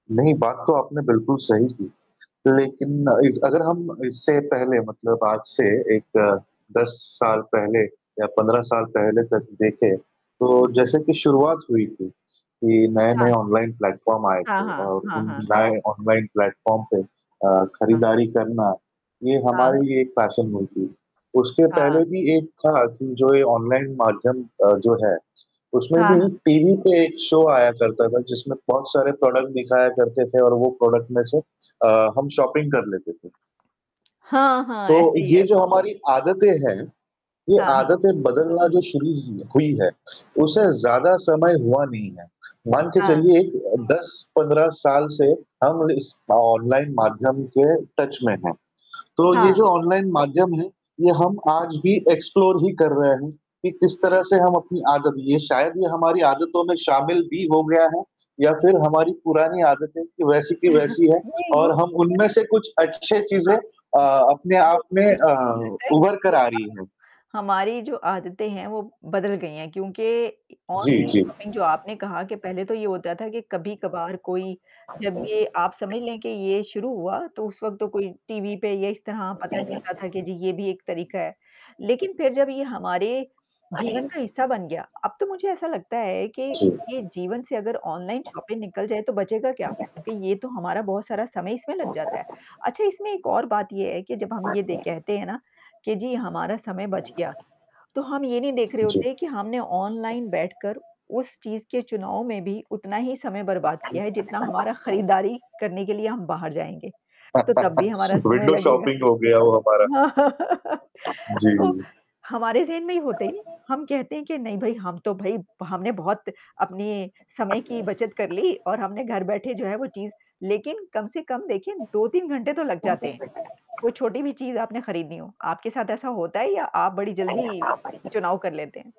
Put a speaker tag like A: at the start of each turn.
A: नहीं, बात तो आपने बिल्कुल सही की। लेकिन अ, इ अगर हम इससे पहले मतलब आज से एक 10 साल पहले या 15 साल पहले तक देखें, तो जैसे कि शुरुआत हुई थी कि नए-नए
B: हाँ।
A: ऑनलाइन प्लेटफॉर्म आए
B: हाँ,
A: थे
B: हाँ,
A: और
B: हाँ,
A: उन
B: हाँ।
A: लाए ऑनलाइन प्लेटफॉर्म पे अ,
B: हाँ।
A: खरीदारी करना ये
B: हाँ, हाँ।
A: हमारे लिए एक पैशन हुई थी। उसके
B: हाँ।
A: पहले भी एक था कि जो ये ऑनलाइन माध्यम अ, जो है उसमें
B: हाँ, हाँ।
A: भी टीवी पे एक शो आया करता था जिसमें बहुत सारे प्रोडक्ट दिखाया करते थे और वो प्रोडक्ट में से अ, हम शॉपिंग कर लेते थे।
B: हाँ, हाँ,
A: तो
B: ऐसे ही
A: ये
B: है।
A: जो हमारी आदतें हैं, ये
B: हाँ, हाँ।
A: आदतें बदलना जो शुरू ही हुई है, उसे ज़्यादा समय हुआ नहीं है। मान के
B: हाँ।
A: चलिए एक 10-15 साल से हम इस अ, ऑनलाइन माध्यम के टच में हैं। तो ये
B: हाँ।
A: जो ऑनलाइन माध्यम है, ये हम आज भी एक्सप्लोर ही कर रहे हैं कि किस तरह से हम अपनी आदत ये शायद ये हमारी आदतों में शामिल भी हो गया है या फिर हमारी पुरानी आदतें कि वैसी की वैसी है
B: नहीं वो
A: और
B: लगता
A: हम उनमें
B: है
A: से कुछ अच्छे चीज़ें
B: हाँ,
A: अ, अपने आप
B: बिल्कुल
A: में
B: मुझे
A: अ,
B: तो लगता है
A: उभर
B: कि
A: कर
B: ये
A: आ
B: अ
A: रही हैं।
B: हमारी जो आदतें हैं, वो बदल गई हैं क्योंकि इ
A: जी,
B: ऑनलाइन
A: जी।
B: शॉपिंग जो आपने कहा कि पहले तो ये होता था कि कभी-कभार कोई, जब ये आप समझ लें कि ये शुरू हुआ, तो उस वक़्त तो कोई टीवी पे या इस तरह पता चलता था कि जी, ये भी एक तरीका है। लेकिन फिर जब ये हमारे जीवन का हिस्सा बन गया, अब तो मुझे ऐसा लगता है कि
A: जी।
B: ये जीवन से अगर ऑनलाइन शॉपिंग निकल जाए, तो बचेगा क्या? क्योंकि ये तो हमारा बहुत सारा समय इसमें लग जाता है। अच्छा, इसमें एक और बात ये है कि जब हम ये दे कहते हैं ना, कि जी हमारा समय बच गया। तो हम ये नहीं देख रहे
A: जी।
B: होते हैं कि हमने ऑनलाइन बैठकर उस चीज़ के चुनाव में भी उतना ही समय बर्बाद किया है, जितना हमारा खरीदारी करने के लिए हम बाहर जाएँगे, तो तब भी हमारा समय
A: विंडो
B: लगेगा।
A: शॉपिंग हो गया वो हमारा। जी,
B: तो,
A: जी।
B: हमारे ज़हन में होता ही नहीं, हम कहते हैं के नहीं भई हम तो भई भ हमने बहुत अपने समय की बचत कर ली और हमने घर बैठे जो है वो चीज़ लेकिन कम से कम देखिए 2-3 घंटे तो लग जाते हैं, कोई छोटी भी चीज़ आपने खरीदनी हो। आपके साथ ऐसा होता है या आप बड़ी जल्दी चुनाव कर लेते हैं?